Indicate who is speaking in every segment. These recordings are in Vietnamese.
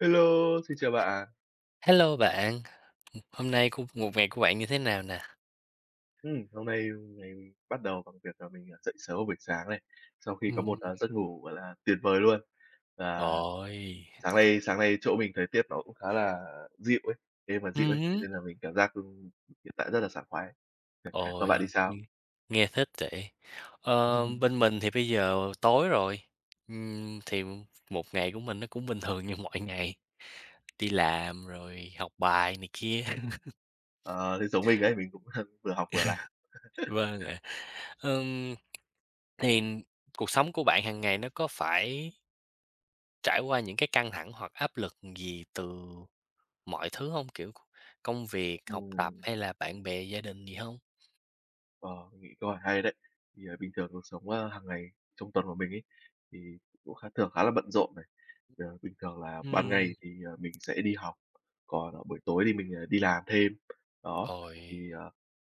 Speaker 1: Hello, xin chào bạn.
Speaker 2: H hello bạn, hôm nay c một ngày của bạn như thế nào nè?
Speaker 1: Ừm, hôm nay mình bắt đầu bằng việc là mình, à, dậy sớm vào buổi sáng này, sau khi có một,
Speaker 2: Ừm.
Speaker 1: à, giấc ngủ, gọi là, tuyệt vời luôn. Và
Speaker 2: Ồi.
Speaker 1: sáng nay sáng nay chỗ mình thời tiết nó cũng khá là dịu ấy, đêm mà dịu
Speaker 2: Ừm
Speaker 1: ấy, thế
Speaker 2: hứ.
Speaker 1: nên là mình cảm giác, ư, hiện tại rất là sảng khoái. Còn bạn thì
Speaker 2: Ồi, ưm,
Speaker 1: sao?
Speaker 2: nghe thích vậy. Ờ, bên mình thì bây giờ tối rồi, ừm, thì một ngày của mình nó cũng bình thường như mọi ngày, đi làm rồi học bài này kia.
Speaker 1: Ờ, thế giống mình đấy, thì mình cũng vừa học vừa làm.
Speaker 2: Vâng ạ. Ừm, thì cuộc sống của bạn hàng ngày nó có phải trải qua những cái căng thẳng hoặc áp lực gì từ mọi thứ hông? Kiểu, c công việc, học tập
Speaker 1: Ừm.
Speaker 2: hay là bạn bè, gia đình gì hông?
Speaker 1: Ờ, mình nghĩ câu hỏi hay đấy. Thì bình thường cuộc sống, ơ, hàng ngày trong tuần của mình ấy, thì cũng khá thường khá là bận rộn này. Ờ, bình thường là ban
Speaker 2: Ừm.
Speaker 1: ngày thì mình sẽ đi học, còn buổi tối thì mình, à, đi làm thêm, đó.
Speaker 2: Ôi.
Speaker 1: Thì, ờ,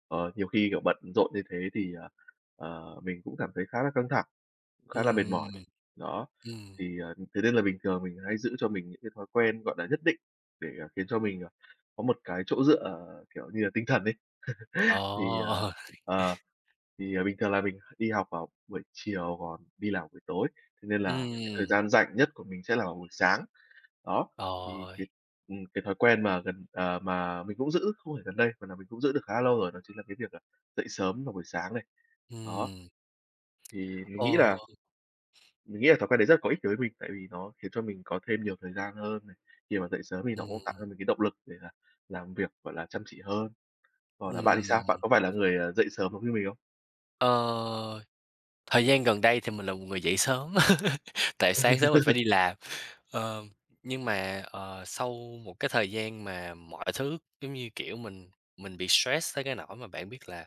Speaker 1: ờ, nhiều khi, kiểu, bận rộn như thế thì, ờ, ờ, mình cũng cảm thấy khá là căng thẳng, khá là mệt
Speaker 2: Ừm,
Speaker 1: mỏi, đó,
Speaker 2: ừm.
Speaker 1: thì, ờ, thế nên là bình thường mình hay giữ cho mình những cái thói quen, gọi là, nhất định, để khiến cho mình, ờ, có một cái chỗ dựa, kiểu như là, tinh thần ấy. Thì, à,
Speaker 2: Ồ.
Speaker 1: ờ, thì bình thường là mình đi học vào buổi chiều còn đi làm buổi tối, thế nên là cái thời
Speaker 2: Ừm.
Speaker 1: gian rảnh nhất của mình sẽ là buổi sáng. Đó, thì cái
Speaker 2: Ôi.
Speaker 1: ừm, cái thói quen mà gần, ờ, mà mình cũng giữ không phải gần đây, mà là mình cũng giữ được khá là lâu rồi đó chính là cái việc dậy, à, sớm vào buổi sáng này. Đó,
Speaker 2: Ừm,
Speaker 1: thì mình nghĩ
Speaker 2: ồ.
Speaker 1: là mình nghĩ là thói quen đấy rất là có ích đối với mình, tại vì nó khiến cho mình có thêm nhiều thời gian hơn này, khi mà dậy sớm thì nó cũng tạo
Speaker 2: Ừm.
Speaker 1: cho mình cái động lực để là làm việc, gọi là, chăm chỉ hơn. Còn là bạn thì sao? Bạn
Speaker 2: Ừm.
Speaker 1: có phải là người, ờ, dậy sớm giống như mình không?
Speaker 2: Ờ, thời gian gần đây thì mình là một người dậy sớm, tại sáng sớm mình phải đi làm. Ờ, nhưng mà, ờ, sau một cái thời gian mà mọi thứ, giống như, kiểu, mình mình bị stress tới cái nỗi mà bạn biết là,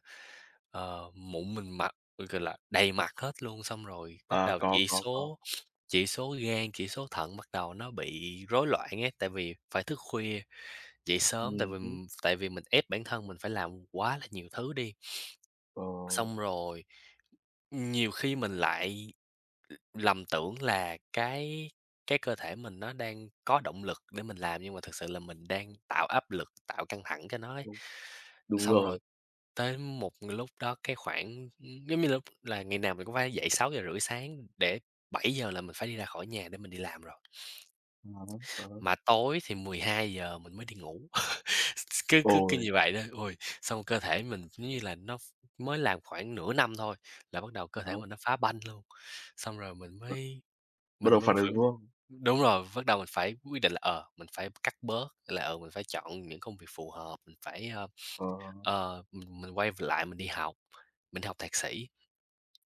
Speaker 2: ờ, mụn mình mặt, ừ, gọi là, đầy mặt hết luôn, xong rồi bắt
Speaker 1: À,
Speaker 2: đầu
Speaker 1: có,
Speaker 2: chỉ
Speaker 1: có, có.
Speaker 2: số chỉ số gan, chỉ số thận bắt đầu nó bị rối loạn ấy. Tại vì phải thức khuya, dậy sớm, tại
Speaker 1: Ừm
Speaker 2: vì
Speaker 1: hứm.
Speaker 2: tại vì mình ép bản thân mình phải làm quá là nhiều thứ đi.
Speaker 1: Ờ.
Speaker 2: Xong rồi, ừm, nhiều khi mình lại lầm tưởng là cái cái cơ thể mình nó đang có động lực để mình làm, nhưng mà thực sự là mình đang tạo áp lực, tạo căng thẳng cho nó ấy.
Speaker 1: Đúng. Đúng
Speaker 2: Xong rồi
Speaker 1: rồi.
Speaker 2: tới một lúc đó, cái, khoảng, ưm, giống như la là ngày nào mình cũng phải dậy 6 giờ rưỡi sáng để 7 giờ là mình phải đi ra khỏi nhà để mình đi làm rồi.
Speaker 1: À há, ờ hớ.
Speaker 2: Mà tối thì 12 giờ mình mới đi ngủ, cứ cứ cứ
Speaker 1: Ôi!
Speaker 2: như vậy đó. Ôi, xong cơ thể mình, giống như là, nó ph mới làm khoảng nửa năm thôi, là bắt đầu cơ thể
Speaker 1: [unintelligible]
Speaker 2: mình nó phá banh luôn. Xong rồi mình
Speaker 1: [unintelligible]
Speaker 2: mới
Speaker 1: Bắt
Speaker 2: mình
Speaker 1: đầu
Speaker 2: mới
Speaker 1: phản ứng,
Speaker 2: phải
Speaker 1: đúng hông?
Speaker 2: đúng rồi, bắt đầu mình phải quyết định là, ờ, mình phải cắt bớt là, ờ, mình phải chọn những công việc phù hợp, mình phải, ơ,
Speaker 1: Ờ.
Speaker 2: ờ, ừm, mình quay v lại mình đi học, mình đi học thạc sĩ.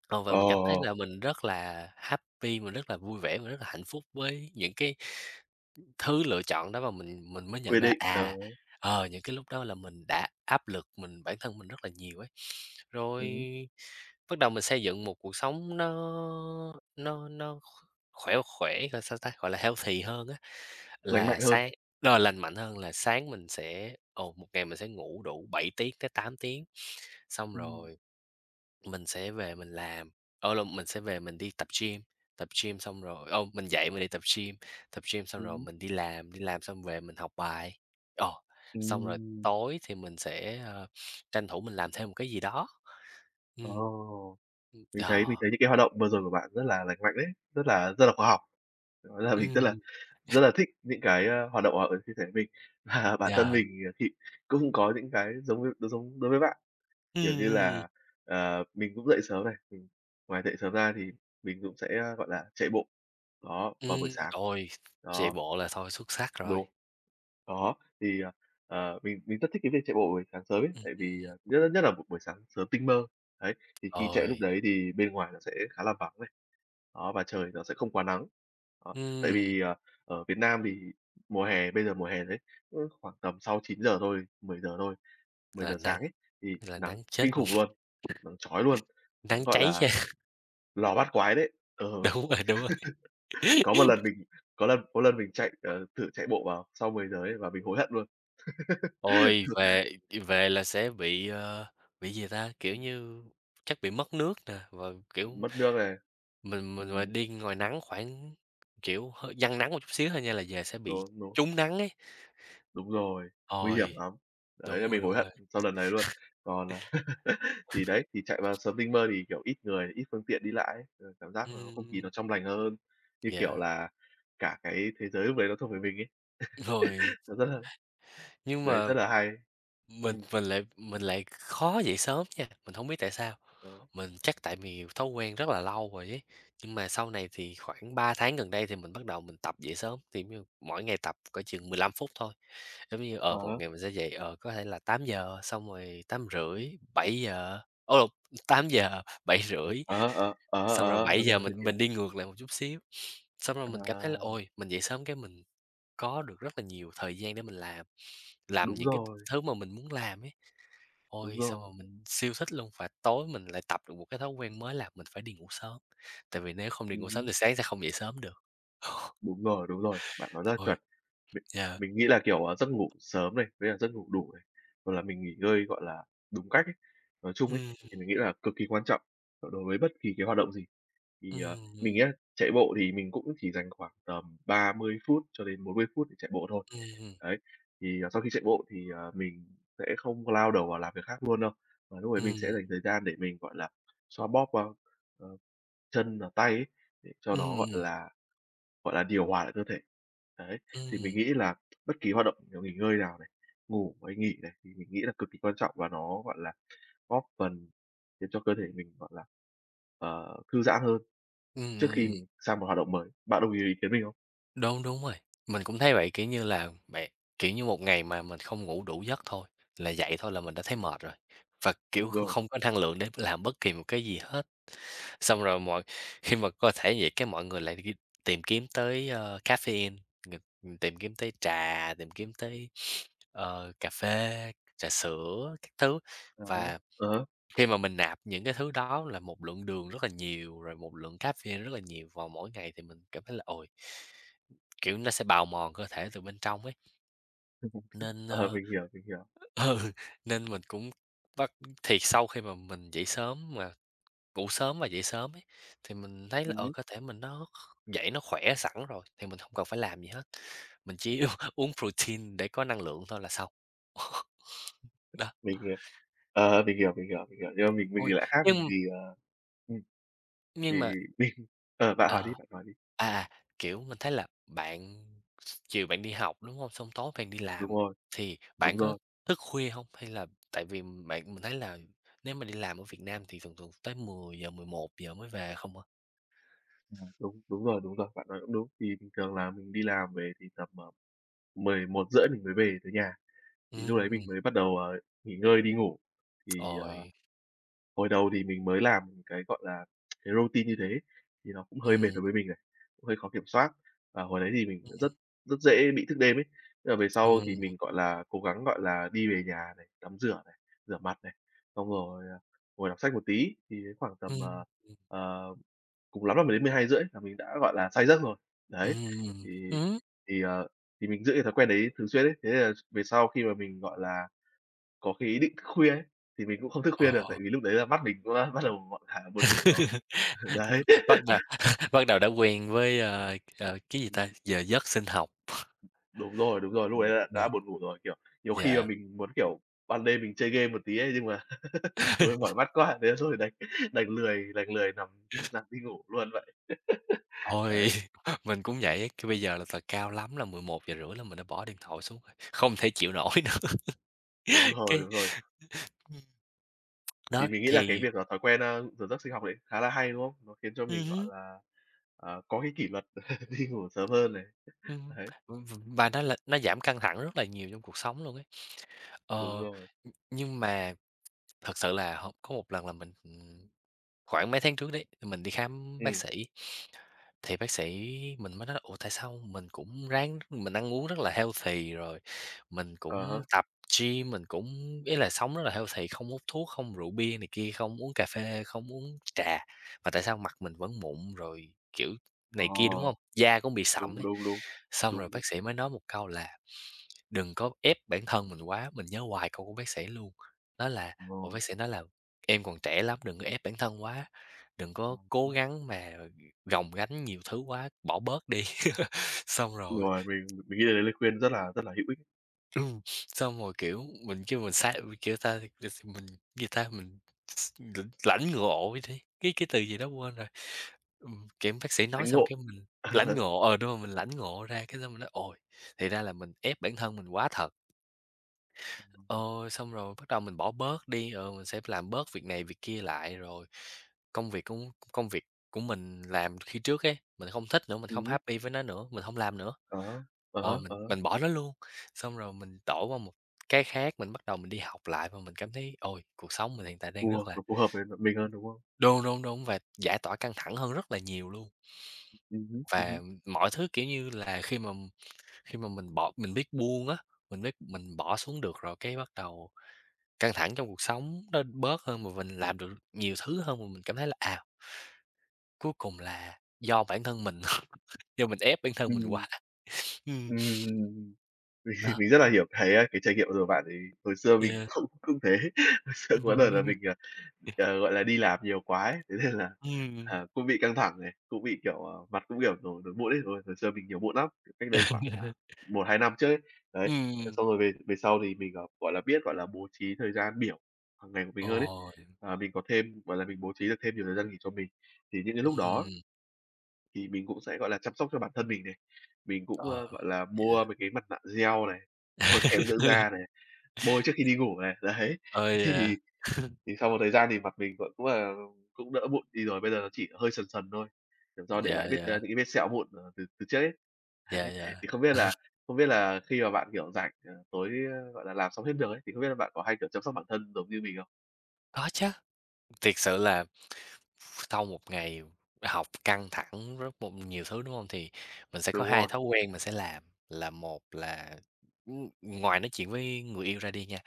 Speaker 2: Ờ, và
Speaker 1: Ồ,
Speaker 2: mình cảm thấy
Speaker 1: ồ, ồ!
Speaker 2: là mình rất là happy mình rất là vui vẻ, mình rất là hạnh phúc với những cái thứ lựa chọn đó và mình mình mới nhận
Speaker 1: Quy
Speaker 2: ra,
Speaker 1: định, đớ.
Speaker 2: à, ờ, những cái lúc đó là mình đã áp lực mình bản thân mình rất là nhiều ấy.
Speaker 1: Ừm
Speaker 2: Rồi,
Speaker 1: hưm.
Speaker 2: bắt đầu mình xây dựng một cuộc sống nó nó nó kh khỏe khỏe, gọi sao ta? Gọi là healthy hơn á.
Speaker 1: Lành
Speaker 2: Là
Speaker 1: mạnh hơn.
Speaker 2: sáng ờ, lành mạnh hơn, là sáng mình sẽ ồ, một ngày mình sẽ ngủ đủ 7 tiếng tới 8 tiếng, xong
Speaker 1: Ừm.
Speaker 2: rồi mình sẽ về mình làm ở lộn, mình sẽ về mình đi tập gym, tập gym xong rồi ồ, mình dậy mình đi tập gym, tập gym xong
Speaker 1: Ừm
Speaker 2: rồi
Speaker 1: hưm.
Speaker 2: mình đi làm, đi làm xong về mình học bài, ờ, xong rồi
Speaker 1: Ừm.
Speaker 2: tối thì mình sẽ, ơ, tranh thủ mình làm thêm một cái gì đó. Ừm.
Speaker 1: Ồ!
Speaker 2: Ừm,
Speaker 1: Mình thấy mình
Speaker 2: đò.
Speaker 1: thấy những cái hoạt động vừa rồi của bạn rất là lành mạnh đấy, rất là rất là khóa học. Đó là mình rất là
Speaker 2: Ừm.
Speaker 1: rất là thích những cái, a, hoạt động [unintelligible] như thế của mình. Và bản thân
Speaker 2: Yeah.
Speaker 1: mình, ờ, thị cũng có những cái giống v đ giống đối với bạn.
Speaker 2: Ừm,
Speaker 1: Kiểu như
Speaker 2: ừm.
Speaker 1: là, ờ, mình cũng dậy sớm này, mình ngoài dậy sớm ra thì mình cũng sẽ, a, gọi là, chạy bộ, đó, vào buổi
Speaker 2: Ừm,
Speaker 1: sáng.
Speaker 2: tồi, chạy
Speaker 1: Đó.
Speaker 2: bộ là thôi xuất sắc rồi.
Speaker 1: Đúng. Đó, thì, ờ, ờ, mình mình rất thích cái việc chạy bộ buổi sáng sớm ấy,
Speaker 2: Ừm,
Speaker 1: tại vì,
Speaker 2: ừm.
Speaker 1: ờ, nhất là nhất là một buổi sáng sớm tinh mơ. Đấy, thì khi chạy lúc
Speaker 2: Ôi!
Speaker 1: đấy thì bên ngoài nó sẽ khá là vắng này. Đó, và trời nó sẽ không quá nắng, đó. Tại
Speaker 2: Ừm.
Speaker 1: vì, ờ, ở Việt Nam thì mùa hè bây giờ mùa hè đấy, [unintelligible] khoảng tầm sau 9 giờ thôi, 10 giờ thôi, 10
Speaker 2: Là
Speaker 1: giờ
Speaker 2: nắng,
Speaker 1: sáng ấy, thì
Speaker 2: là
Speaker 1: nắng
Speaker 2: nắng chết
Speaker 1: kinh
Speaker 2: luôn.
Speaker 1: khủng luôn, nắng chói luôn.
Speaker 2: Nắng
Speaker 1: Nắng, gọi
Speaker 2: cháy
Speaker 1: là,
Speaker 2: da.
Speaker 1: lò bát quái đấy, ừ.
Speaker 2: Đúng rồi, đúng rồi.
Speaker 1: Có một lần mình có lần có lần mình chạy, ờ, thử chạy bộ vào sau 10 giờ ấy và mình hối hận luôn.
Speaker 2: Ôi, về đi về là sẽ bị, ơ, bị gì ta? Kiểu
Speaker 1: Ừm.
Speaker 2: như, chắc bị mất nước nè, và, kiểu,
Speaker 1: Mất nước này.
Speaker 2: mình mình mà
Speaker 1: Ừm.
Speaker 2: đi ngoài nắng khoảng, kiểu, hơi dang nắng một chút xíu thôi nha là về sẽ bị
Speaker 1: Đúng, đúng.
Speaker 2: trúng nắng ấy.
Speaker 1: Đúng rồi, nguy hiểm
Speaker 2: Ôi!
Speaker 1: lắm. Đấy,
Speaker 2: Đúng
Speaker 1: là
Speaker 2: rồi,
Speaker 1: mình hối
Speaker 2: đúng
Speaker 1: hận
Speaker 2: rồi.
Speaker 1: sau lần đấy luôn. Còn, à thì đấy, thì chạy vào sớm tinh mơ thì, kiểu, ít người, ít phương tiện đi lại ấy, ờ, cảm giác là
Speaker 2: Ừm,
Speaker 1: không khí
Speaker 2: ừm.
Speaker 1: nó trong lành hơn, như
Speaker 2: Yeah.
Speaker 1: kiểu là, cả cái thế giới lúc đấy nó thuộc về mình ấy.
Speaker 2: Rồi.
Speaker 1: Nó rất là
Speaker 2: Nhưng
Speaker 1: đấy,
Speaker 2: mà
Speaker 1: rất là hay.
Speaker 2: mình
Speaker 1: Ừm.
Speaker 2: mình lại mình lại khó dậy sớm nha, mình hổng biết tại sao.
Speaker 1: Ờ.
Speaker 2: Mình chắc tại vì thói quen rất là lâu rồi ấy, nhưng mà sau này thì khoảng 3 tháng gần đây thì mình bắt đầu mình tập dậy sớm. Thì, giống như, mỗi ngày tập cỡ chừng 15 phút thôi, giống như,
Speaker 1: Ờ
Speaker 2: ờ, một
Speaker 1: ha.
Speaker 2: ngày mình sẽ dậy, ờ, có thể là 8 giờ, xong rồi 8 rưỡi, 7 giờ ô, t tám giờ, 7 rưỡi.
Speaker 1: Ờ ha, ờ, ờ ha,
Speaker 2: Xong
Speaker 1: ờ
Speaker 2: rồi
Speaker 1: ha,
Speaker 2: 7 giờ
Speaker 1: rồi, mình
Speaker 2: mình mình
Speaker 1: hiểu.
Speaker 2: đi ngược lại một chút xíu. Xong rồi mình cảm thấy là
Speaker 1: À.
Speaker 2: "Ôi, mình dậy sớm cái mình có được rất là nhiều thời gian để mình làm, làm
Speaker 1: Đúng
Speaker 2: những cái
Speaker 1: rồi.
Speaker 2: thứ mà mình muốn làm ấy."
Speaker 1: Đúng
Speaker 2: Ôi, xong
Speaker 1: rồi.
Speaker 2: rồi mình siêu thích luôn và tối mình lại tập được một cái thói quen mới là mình phải đi ngủ sớm, tại vì nếu không đi
Speaker 1: Ừm
Speaker 2: ngủ sớm
Speaker 1: hưm.
Speaker 2: thì sáng sẽ không dậy sớm được.
Speaker 1: Đúng rồi đúng rồi. Bạn nói rất là
Speaker 2: Ôi!
Speaker 1: chuẩn, Mình
Speaker 2: Yeah.
Speaker 1: mình nghĩ là, kiểu, ờ, giấc ngủ sớm này, với là giấc ngủ đủ này, hoặc là mình nghỉ ngơi, gọi là, đúng cách ấy, nói chung ấy,
Speaker 2: Ừm.
Speaker 1: thì mình nghĩ là cực kỳ quan trọng đối đối với bất kỳ cái h oạt động gì. Thì, à, mình
Speaker 2: Ừm.
Speaker 1: nhá, chạy bộ thì mình cũng chỉ dành khoảng tầm 30 phút cho đến 40 phút để chạy bộ thôi.
Speaker 2: Ừm hừm.
Speaker 1: Đấy. Thì, à, sau khi chạy bộ thì, ờ, mình sẽ không có lao đầu vào làm việc khác luôn đâu. Mà lúc đấy mình sẽ
Speaker 2: Ừm.
Speaker 1: dành thời gian để mình, gọi là, xoa bóp qua, ờ, chân và tay ấy, để cho
Speaker 2: Ừm,
Speaker 1: nó,
Speaker 2: ừm,
Speaker 1: gọi
Speaker 2: ừm.
Speaker 1: là gọi là, điều hòa lại cơ thể. Đấy. Thì mình
Speaker 2: Ừm.
Speaker 1: nghĩ là bất kỳ hoạt động, kiểu, nghỉ ngơi nào này, ngủ với nghỉ này, thì mình nghĩ là cực kỳ quan trọng và nó, gọi là, góp phần khiến cho cơ thể mình, gọi là, ờ, thư giãn hơn
Speaker 2: Ừm,
Speaker 1: trước
Speaker 2: ừm,
Speaker 1: khi
Speaker 2: ừm.
Speaker 1: mình sang một hoạt động mới. Bạn đồng ý với ý kiến mình hông?
Speaker 2: Đúng, đúng rồi. Mình cũng thấy vậy, kiểu như là, bạ kiểu như một ngày mà mình không ngủ đủ giấc thôi là dậy thôi là mình đã thấy mệt rồi, và,
Speaker 1: Đúng
Speaker 2: kiểu, kh
Speaker 1: rồi.
Speaker 2: không có năng lượng để làm bất kỳ một cái gì hết. Xong rồi mọi khi mà cơ thể vậy cái mọi người lại đi tìm kiếm tới, ơ, cafein, ng ừm, tìm kiếm tới trà, tìm kiếm tới, ờ, cà phê, trà sữa, các thứ.
Speaker 1: À há.
Speaker 2: Và
Speaker 1: Ờ.
Speaker 2: khi mà mình nạp những cái thứ đó là một lượng đường rất là nhiều, rồi một lượng cafein rất là nhiều vào mỗi ngày thì mình cảm thấy là ồi kiểu, nó sẽ bào mòn cơ thể từ bên trong ấy.
Speaker 1: Thì mục đích
Speaker 2: Nên,
Speaker 1: ờ,
Speaker 2: ơ,
Speaker 1: mình hiểu, mình hiểu.
Speaker 2: ừ,
Speaker 1: Ừm.
Speaker 2: nên mình cũng bắt thì sau khi mà mình dậy sớm mà, ngủ sớm và dậy sớm ấy, thì mình thấy là
Speaker 1: Ừm
Speaker 2: ờ
Speaker 1: hứm.
Speaker 2: cơ thể mình nó kh dậy nó khỏe sẵn rồi, thì mình hông cần phải làm gì hết, mình chỉ u uống protein để có năng lượng thôi là xong. Đó.
Speaker 1: Mình, ờ, ờ, mình hiểu, mình hiểu, mình hiểu, nhưng mà mình mình
Speaker 2: Ôi,
Speaker 1: thì lại khác, mình
Speaker 2: nhưng
Speaker 1: thì, ờ ừm. Thì
Speaker 2: Nhưng mà
Speaker 1: mình ờ, bạn hỏi đi,
Speaker 2: Ờ.
Speaker 1: bạn hỏi đi.
Speaker 2: À, kiểu, mình thấy là bạn chiều bạn đi học, đúng hông? Xong tối bạn đi
Speaker 1: Đúng
Speaker 2: làm,
Speaker 1: rồi.
Speaker 2: thì bạn
Speaker 1: Đúng
Speaker 2: có
Speaker 1: rồi.
Speaker 2: thức khuya hông? Hay là tại vì bạn mình thấy là nếu mà đi làm ở Việt Nam thì thường thường tới 10:00-11:00 mới về không à.
Speaker 1: Ừm, đúng, đúng rồi, đúng rồi, bạn nói cũng đúng. Thì bình thường là mình đi làm về thì tầm, ờ, 11:30 mình mới về tới nhà, thì lúc đấy mình
Speaker 2: Ừm.
Speaker 1: mới bắt đầu, ờ, nghỉ ngơi đi ngủ. Thì, ờ,
Speaker 2: Ôi!
Speaker 1: hồi đầu thì mình mới làm cái, gọi là, cái routine như thế ấy, thì nó cũng hơi mệt
Speaker 2: Ừm.
Speaker 1: đối với mình này, cũng hơi khó kiểm soát. Và hồi đấy thì mình cũng rất
Speaker 2: Ừm.
Speaker 1: rất dễ bị thức đêm ấy, thế là về sau thì
Speaker 2: Ừm.
Speaker 1: mình, gọi là, cố gắng, gọi là, đi về nhà này, tắm rửa này, rửa mặt này, xong rồi, à, ngồi đọc sách một tí, thì khoảng tầm, ờ,
Speaker 2: Ừm, ừm.
Speaker 1: ờ, cùng lắm là 10:00-12:30 là mình đã, gọi là, say giấc rồi. Đấy.
Speaker 2: Ừm, ừm
Speaker 1: Thì
Speaker 2: hứm.
Speaker 1: thì, ờ, thì mình giữ cái thói quen đấy thường xuyên ấy, thế là về sau khi mà mình, gọi là, có cái ý định thức khuya ấy, thì mình cũng không thức khuya được
Speaker 2: Ờ.
Speaker 1: tại vì lúc đấy là mắt mình cũng đã bắt đầu, gọi là, buồn ngủ rồi.
Speaker 2: Ưm,
Speaker 1: Đấy.
Speaker 2: bắt đ bắt đầu đã quen với, ơ, ờ, cái gì ta,
Speaker 1: Ừm.
Speaker 2: giờ giấc sinh học.
Speaker 1: Đúng rồi, đúng rồi, lúc
Speaker 2: Ừm.
Speaker 1: đấy là đã
Speaker 2: [unintelligible]
Speaker 1: buồn ngủ rồi. Kiểu, nhiều khi là
Speaker 2: Yeah.
Speaker 1: mình muốn, kiểu, ban đêm mình chơi game một tí ấy, nhưng mà thôi mỏi mắt quá, thế là thôi đành đành lười đành lười nằm nằm đi ngủ luôn vậy. Đấy.
Speaker 2: Ôi! Mình cũng vậy, kiểu, bây giờ là t cao lắm là 11:30 là mình đã bỏ điện thoại xuống rồi, không thể chịu nổi nữa.
Speaker 1: Đúng rồi,
Speaker 2: Cái
Speaker 1: đúng rồi.
Speaker 2: ưm, ừm.
Speaker 1: Thì
Speaker 2: Đó,
Speaker 1: mình nghĩ là cái
Speaker 2: thì
Speaker 1: việc là thói quen, a, giờ giấc sinh học đấy khá là hay, đúng không? Nó khiến cho
Speaker 2: Ừm
Speaker 1: mình, gọi
Speaker 2: hứm.
Speaker 1: là, à, có cái kỷ luật đi ngủ sớm hơn này.
Speaker 2: Ừm.
Speaker 1: Đấy.
Speaker 2: Và nó là nó giảm căng thẳng rất là nhiều trong cuộc sống luôn ấy.
Speaker 1: Đúng
Speaker 2: Ờ.
Speaker 1: rồi.
Speaker 2: Ừm, nhưng mà thật sự là h có một lần là mình, ừm, khoảng mấy tháng trước đấy, mình đi khám bác
Speaker 1: Ừm.
Speaker 2: sĩ thì bác sĩ mình mới nói là "Ủa, tại sao mình cũng ráng mình ăn uống rất là healthy rồi, mình
Speaker 1: À
Speaker 2: cũng
Speaker 1: há.
Speaker 2: tập gym, mình cũng ý là sống rất là healthy, không hút thuốc, không rượu bia này kia, không uống cà phê, không uống trà, mà tại sao mặt mình vẫn mụn?" rồi, kiểu,
Speaker 1: Ồ.
Speaker 2: này kia, đúng hông? Da cũng bị sạm
Speaker 1: Đúng,
Speaker 2: ấy.
Speaker 1: đúng, đúng.
Speaker 2: Xong rồi
Speaker 1: Đúng, đúng.
Speaker 2: bác sĩ mới nói một câu là "Đừng có ép bản thân mình quá", mình nhớ hoài câu của bác sĩ luôn, nói là, ồ,
Speaker 1: Vâng.
Speaker 2: bác sĩ nói là "Em còn trẻ lắm, đừng có ép bản thân quá, đừng có
Speaker 1: Ừm
Speaker 2: cố
Speaker 1: hứm.
Speaker 2: gắng mà, ừ, gồng gánh nhiều thứ quá bỏ bớt đi." Xong rồi
Speaker 1: Rồi, mình mình nghĩ là đấy lời khuyên rất là rất là hữu ích.
Speaker 2: Ừ, xong rồi, kiểu, mình kêu mình xạo, mình kêu ta, [unintelligible] mình, gì ta, mình x l lãnh ngộ vậy đi, cái cái từ gì đó quên rồi. Ừm, kiểu, bác sĩ nói
Speaker 1: Lãnh
Speaker 2: xong
Speaker 1: ngộ.
Speaker 2: cái mình
Speaker 1: À há.
Speaker 2: lãnh ngộ, ờ, đúng rồi, mình lãnh ngộ ra, cái xong mình nói: "Ồ, thì ra là mình ép bản thân mình quá thật." Ờ, xong rồi bắt đầu mình bỏ bớt đi, rồi mình sẽ b làm bớt việc này việc kia lại, rồi, công việc công c công việc của mình làm khi trước ấy, mình hông thích nữa, mình hông
Speaker 1: Ừm hứm.
Speaker 2: happy với nó nữa, mình hông làm nữa.
Speaker 1: Ờ ha, ờ
Speaker 2: Ờ,
Speaker 1: ha, ờ
Speaker 2: mình
Speaker 1: ha.
Speaker 2: mình bỏ nó luôn. Xong rồi mình tổ qua một cái khác, mình bắt đầu mình đi học lại và mình cảm thấy: "Ôi, cuộc sống mình hiện tại đang
Speaker 1: Phù
Speaker 2: rất
Speaker 1: hợp
Speaker 2: là"
Speaker 1: nó phù hợp với m mình hơn, đúng không?
Speaker 2: đúng, đúng, đúng, và giải tỏa căng thẳng hơn rất là nhiều luôn.
Speaker 1: Ừm hứm, ừm
Speaker 2: Và,
Speaker 1: hứm.
Speaker 2: ừm, mọi thứ, kiểu như là, khi mà khi mà mình bỏ mình biết buông á, mình biết mình bỏ xuống được rồi, cái bắt đầu căng thẳng trong cuộc sống nó bớt hơn và mình làm được nhiều thứ hơn. Và mình cảm thấy là "À cuối cùng là do bản thân mình. Do mình ép bản thân mình
Speaker 1: Ừm.
Speaker 2: quá." Ừm.
Speaker 1: Ừm, ừm, ừm. Mình
Speaker 2: Đó.
Speaker 1: mình rất là hiểu, cái, á, cái trải nghiệm vừa rồi bạn ấy, hồi xưa mình
Speaker 2: Yeah.
Speaker 1: không cũng thế. Hồi xưa có đợt là
Speaker 2: Ừm.
Speaker 1: mình, ờ, ờ, gọi là, đi làm nhiều quá ấy, thế nên là,
Speaker 2: Ừm, ừm.
Speaker 1: à, cũng bị căng thẳng này, cũng bị, kiểu, ờ, mặt cũng, kiểu, nổi nổi mụn ấy. Hồi hồi xưa mình nhiều mụn lắm, cách đây khoảng, à,
Speaker 2: [unintelligible]
Speaker 1: 1, 2 năm trước ấy. Đấy,
Speaker 2: Ừm,
Speaker 1: thế
Speaker 2: ừm.
Speaker 1: xong rồi về về sau thì mình, ờ, gọi là, biết, gọi là, bố trí thời gian biểu hằng ngày của mình hơn ấy.
Speaker 2: Ờ. Hiểu.
Speaker 1: À, mình có thêm gọi là, mình bố trí được thêm nhiều thời gian nghỉ cho mình. Thì những cái lúc đó á
Speaker 2: Ừm.
Speaker 1: Thì mình cũng sẽ, gọi là, chăm sóc cho bản thân mình này. Mình cũng,
Speaker 2: Ờ,
Speaker 1: ơ, gọi là,
Speaker 2: yeah.
Speaker 1: mua mấy cái mặt nạ gel này, mua kem dưỡng da này, bôi trước khi đi ngủ này, đấy.
Speaker 2: Ô, yeah.
Speaker 1: Thì thì sau một thời gian thì mặt mình v cũng là cũng đỡ mụn đi rồi, bây giờ là chỉ hơi sần sần thôi, kiểu, do để
Speaker 2: Dạ,
Speaker 1: lại vết, a,
Speaker 2: dạ.
Speaker 1: những cái vết sẹo mụn, ờ, từ từ trước ấy.
Speaker 2: Dạ,
Speaker 1: Đấy,
Speaker 2: dạ.
Speaker 1: thì không biết là không biết là khi mà bạn kiểu rảnh, ờ, tối, gọi là, làm xong hết được ấy, thì không biết là bạn có hay kiểu chăm sóc bản thân giống như mình không?
Speaker 2: Có chớ, thiệt sự là ph sau một ngày học căng thẳng rất một nhiều thứ, đúng hông? Thì mình sẽ có
Speaker 1: Đúng
Speaker 2: hai
Speaker 1: rồi.
Speaker 2: thói quen mình sẽ làm, là một là, ừm, ngoài nói chuyện với người yêu ra đi nha,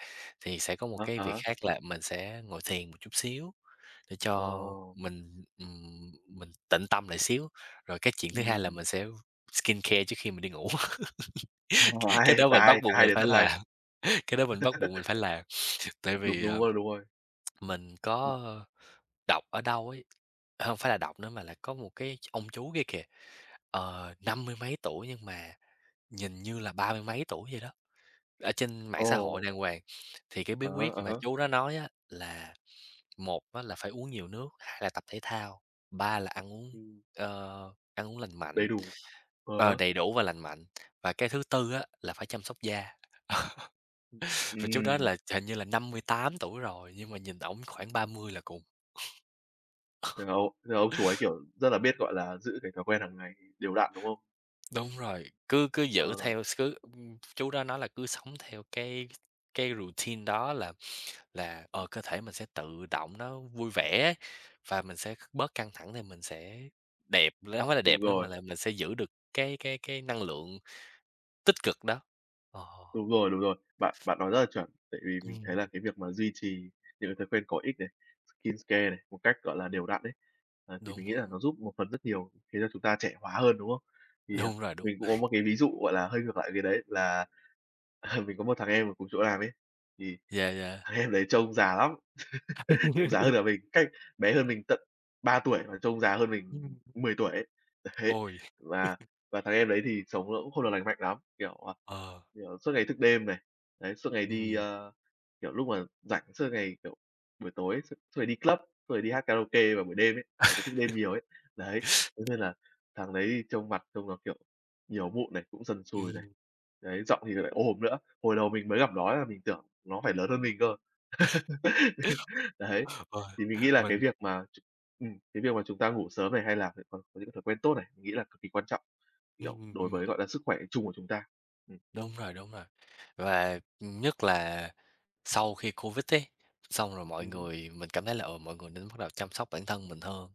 Speaker 2: thì sẽ có một
Speaker 1: A,
Speaker 2: cái việc
Speaker 1: á.
Speaker 2: khác là mình sẽ ngồi thiền một chút xíu, để cho
Speaker 1: Ồ.
Speaker 2: mình, ừm, mình tịnh tâm lại xíu, rồi cái chuyện thứ hai là
Speaker 1: Ừm.
Speaker 2: mình sẽ v skincare trước khi mình đi ngủ,
Speaker 1: Ồ
Speaker 2: c cái
Speaker 1: hay,
Speaker 2: đó
Speaker 1: cả
Speaker 2: mình
Speaker 1: hai
Speaker 2: bắt
Speaker 1: cả
Speaker 2: buộc
Speaker 1: hai
Speaker 2: mình
Speaker 1: đều
Speaker 2: phải
Speaker 1: rất hay.
Speaker 2: làm, cái đó mình bắt buộc mình phải làm, tại
Speaker 1: Đúng,
Speaker 2: vì,
Speaker 1: đúng
Speaker 2: ờ,
Speaker 1: rồi, đúng rồi.
Speaker 2: mình
Speaker 1: Ừ.
Speaker 2: có đọc ở đâu ấy, hông phải là đọc nữa mà là có một cái ch ông chú kia kìa, ờ, năm mươi mấy tuổi nhưng mà nhìn như là ba mươi mấy tuổi vậy đó, ở trên mạng xã hội
Speaker 1: Ồ.
Speaker 2: đàng hoàng, thì cái bí
Speaker 1: À ha,
Speaker 2: quyết
Speaker 1: à
Speaker 2: mà
Speaker 1: há.
Speaker 2: chú đó nói à là, một á là phải uống nhiều nước, hai là tập thể thao, ba là ăn uống,
Speaker 1: Ừm.
Speaker 2: ơ, ăn uống lành mạnh,
Speaker 1: Đầy đủ, á
Speaker 2: ờ,
Speaker 1: há.
Speaker 2: đầy đủ và lành mạnh, và cái thứ tư á là phải chăm sóc da.
Speaker 1: Ưm,
Speaker 2: Và chú đó
Speaker 1: ừm.
Speaker 2: là ch hình như là 58 tuổi rồi, nhưng mà nhìn ổng khoảng 30 là cùng.
Speaker 1: Hiểu, thế là ông chú ấy, kiểu, rất là biết, gọi là, giữ cái thói quen hàng ngày đều đặn, đúng không?
Speaker 2: Đúng rồi, cứ cứ giữ
Speaker 1: Ờ.
Speaker 2: theo s cứ ưm, chú đó nói là cứ sống theo cái cái routine đó là là, ờ, cơ thể mình sẽ tự động nó vui vẻ ấy, và mình sẽ kh bớt căng thẳng thì mình sẽ đẹp nữa hông phải là
Speaker 1: Đúng
Speaker 2: đẹp nữa mà
Speaker 1: rồi.
Speaker 2: là mình sẽ giữ được cái cái cái năng lượng tích cực đó, ờ.
Speaker 1: Đúng rồi, đúng rồi. Bạn bạn nói rất là chuẩn tại vì mình thấy
Speaker 2: Ừm.
Speaker 1: là cái việc mà duy trì những cái thói quen có ích này, skincare này, một cách, gọi là, đều đặn ấy, à, thì
Speaker 2: Đúng
Speaker 1: mình nghĩ là
Speaker 2: [unintelligible]
Speaker 1: nó giúp một phần rất nhiều khiến cho chúng ta trẻ hóa hơn, đúng không? Thì, à,
Speaker 2: Đúng rồi, đúng.
Speaker 1: mình cũng có một cái ví dụ, gọi là, hơi ngược lại cái đấy là, à, mình có một thằng em ở cùng chỗ làm ấy, thì
Speaker 2: Yeah, yeah.
Speaker 1: thằng em đấy trông già lắm, trông già hơn cả mình, cách bé hơn mình tận 3 tuổi mà trông già hơn mình
Speaker 2: Ừm.
Speaker 1: 10 tuổi ấy. Đấy,
Speaker 2: Ôi.
Speaker 1: và và thằng em đấy thì sống nó cũng không được lành mạnh lắm. Kiểu, ờ,
Speaker 2: Ờ.
Speaker 1: kiểu, suốt ngày thức đêm này, đấy, suốt ngày đi
Speaker 2: Ừm.
Speaker 1: ơ, kiểu, lúc mà rảnh suốt ngày, kiểu buổi tối, suốt suốt ngày đi club, xong rồi đi hát karaoke vào buổi đêm ấy. Đấy cứ thức đêm nhiều ấy. Đấy, thế nên là thằng đấy trông mặt trông nó, kiểu, nhiều mụn này, cũng sần sùi này.
Speaker 2: Ừm.
Speaker 1: Đấy, giọng thì lại ồm nữa. Hồi đầu mình mới gặp nó ấy là mình tưởng nó phải lớn hơn mình cơ. Đấy,
Speaker 2: Ờ,
Speaker 1: thì mình nghĩ là cái
Speaker 2: mình
Speaker 1: việc mà ch ừm, cái việc mà chúng ta ngủ sớm này hay là [unintelligible] những cái thói quen tốt này, mình nghĩ là cực kỳ quan trọng, kiểu, đối
Speaker 2: Ừm.
Speaker 1: với, gọi là, sức khỏe chung của chúng ta. Ừ.
Speaker 2: Đúng rồi, đúng rồi, và nhất là, sau khi Covid ý, xong rồi mọi
Speaker 1: Ừm hứm.
Speaker 2: người mình cảm thấy là, ờ, mọi người nên bắt đầu chăm sóc bản thân mình hơn.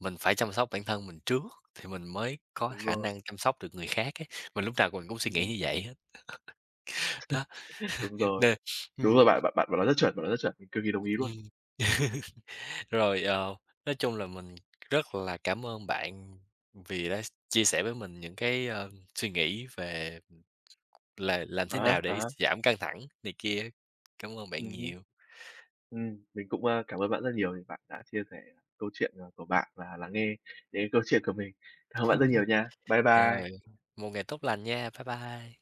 Speaker 2: Mình phải chăm sóc bản thân mình trước, thì mình mới có
Speaker 1: Đúng
Speaker 2: khả
Speaker 1: rồi.
Speaker 2: năng chăm sóc được người khác ấy, mà lúc nào mình cũng suy nghĩ
Speaker 1: Ừ.
Speaker 2: như vậy hết. Đó,
Speaker 1: Đúng rồi.
Speaker 2: nên
Speaker 1: Đúng
Speaker 2: ừm.
Speaker 1: rồi, bạn bạn bạn bạn nói rất chuẩn, bạn nói rất chuẩn, mình cực kì đồng ý luôn.
Speaker 2: Ừm. Rồi, ờ, nói chung là mình rất là cảm ơn bạn vì đã s chia sẻ với mình những cái, ơ, suy nghĩ về, ừm, là làm thế
Speaker 1: À há,
Speaker 2: nào
Speaker 1: à
Speaker 2: để
Speaker 1: há.
Speaker 2: giảm căng thẳng này kia, cảm ơn
Speaker 1: Ừ
Speaker 2: bạn
Speaker 1: hứ.
Speaker 2: nhiều.
Speaker 1: Ừm, mình cũng, ơ, cảm ơn bạn rất là nhiều vì bạn đã chia sẻ câu chuyện, ờ, của bạn và lắng nghe đến câu chuyện của mình. Cảm ơn bạn rất nhiều nha. Bye bye.
Speaker 2: Rồi, một ngày tốt lành nha, bye bye.